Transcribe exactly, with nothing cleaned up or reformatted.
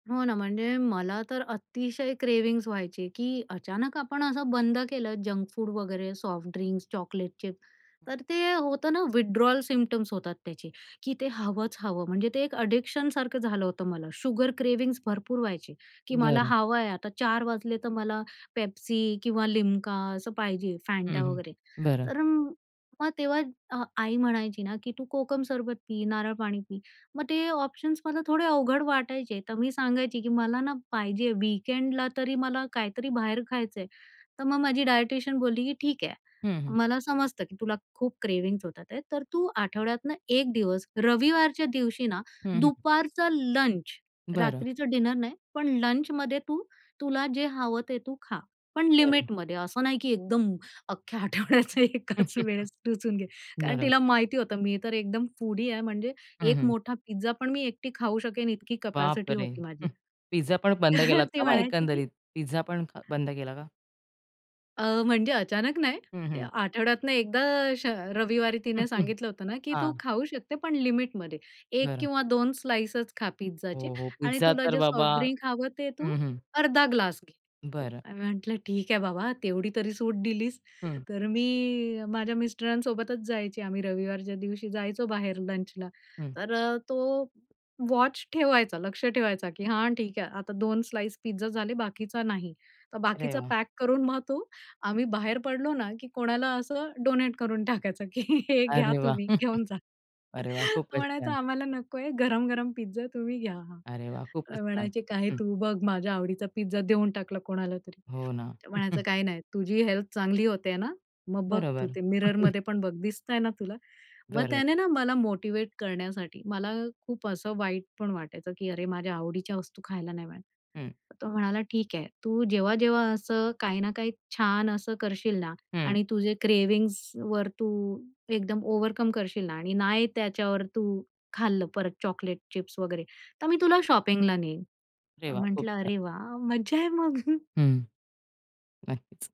हो ना, म्हणजे मला तर अतिशय क्रेव्हिंग्ज व्हायचे की अचानक आपण असं बंद केलं, जंक फूड वगैरे, सॉफ्ट ड्रिंक्स, चॉकलेटचे. तर ते होतं ना, विथड्रॉल सिम्प्टम्स होतात त्याचे की ते हवंच हवं. म्हणजे ते एक एडिक्शनसारखं झालं होतं मला. शुगर क्रेव्हिंग्ज भरपूर व्हायचे की मला बरं हवं आहे. आता चार वाजले, तर मला पेप्सी किंवा लिम्का असं पाहिजे, हं, फँटा हं. वगैरे. बरं. तर मग तेव्हा अ आई म्हणायची ना, की "तू कोकम सरबत पी, नारळ पाणी पी." मग ते ऑप्शन्स मला थोडे अवघड वाटायचे. तर मी सांगायची की "मला ना पाहिजे वीकेंडला तरी मला काहीतरी बाहेर खायचंय. तर मग माझी डायटीशियन बोलली की ठीक आहे. हं, हं. मला समजत की तुला खूप क्रेव्हिंग्ज होतात आहे, तर तू आठवड्यातून एक दिवस रविवारच्या दिवशी ना, हं, हं. दुपारचा लंच बरं. ,रात्रीच डिनर नाही, पण लंचमध्ये तू तुला जे हवं ते तू खा, पण बरं. लिमिटमध्ये. असं नाही की एकदम अख्ख्या आठवड्याचा एकाच वेळेस टुसून घे. कारण बरं. तिला माहिती होतं, मी तर एकदम फूडी आहे म्हणजे हं, एक हं. मोठा पिझ्झापण मी एकटी खाऊ शकेन, इतकी कॅपॅसिटी बापरे! होती माझी. पिझ्झापण बंद केलात ती का मग म्हणायची की एकंदरीत, पिझ्झापण बंद केला का? अ, म्हणजे अचानक नाही, हं, हं. आठवड्यातन एकदा अशा रविवारी तिने सांगितलं होतं ना की "तू हां. खाऊ शकते, पण लिमिटमध्ये एक बरं. किंवा दोन स्लाइसच खा पिझ्झाचे हो, हो. आणि पिझ्झा तुला तर जे सॉफ्ट बाबा. ड्रिंक हवं ते तू हं, हं. अर्धा ग्लास घे." बरं. आणि म्हंटलं "ठीक आहे बाबा, तेवढी तरी सूट दिलीस." हं. तर मी माझ्या मिस्टरांसोबतच जायची. आम्ही रविवारच्या दिवशी जायचो बाहेर लंचला. हं. तर अ, तो वॉच ठेवायचा, लक्ष ठेवायचा की "हां, ठीक आहे, आता दोन स्लाइस पिझ्झा झाले, बाकीचा नाही." तर अरे बाकीचा वाह! पॅक करून मग तो आम्ही बाहेर पडलो ना, की कोणाला असं डोनेट करून टाकायचं की "हे घ्या अरे वाह! तुम्ही घेऊन जा." अरे वाह! खूपच छान. म्हणायचा, "आम्हाला नकोय गरम-गरम पिझ्झा तुम्ही घ्या" अरे वाह! खूपच छान. म्हणायचे, "काय हं. तू बघ माझ्या आवडीचा पिझ्झा देऊन टाकला कोणाला तरी." हो ना. तर हं, म्हणायचा हं. "काही नाही तुझी हेल्थ चांगली होते ना, मग बघ तू बरोबर. ते हं, हं. मिररमध्ये पण बघ दिसतय ना तुला?" मग बरं. त्याने ना मला मोटिव्हेट करण्यासाठी, मला खूप असं वाईट पण वाटायचं की "अरे माझ्या आवडीच्या वस्तू खायला नाही मिळत." हं. तो म्हणाला "ठीक आहे तू जेव्हा-जेव्हा असं काही ना काही छान असं करशील ना हं. आणि तुझे क्रेव्हिंग्जवर तू एकदम ओव्हरकम करशील ना आणि नाही त्याच्यावर तू खाल्लं परत चॉकलेट, चिप्स वगैरे तर मी तुला शॉपिंगला नेईन." अरे वाह! खूप म्हंटलं छान. "अरे वाह! मज्जा आहे मग." हं. नक्कीच.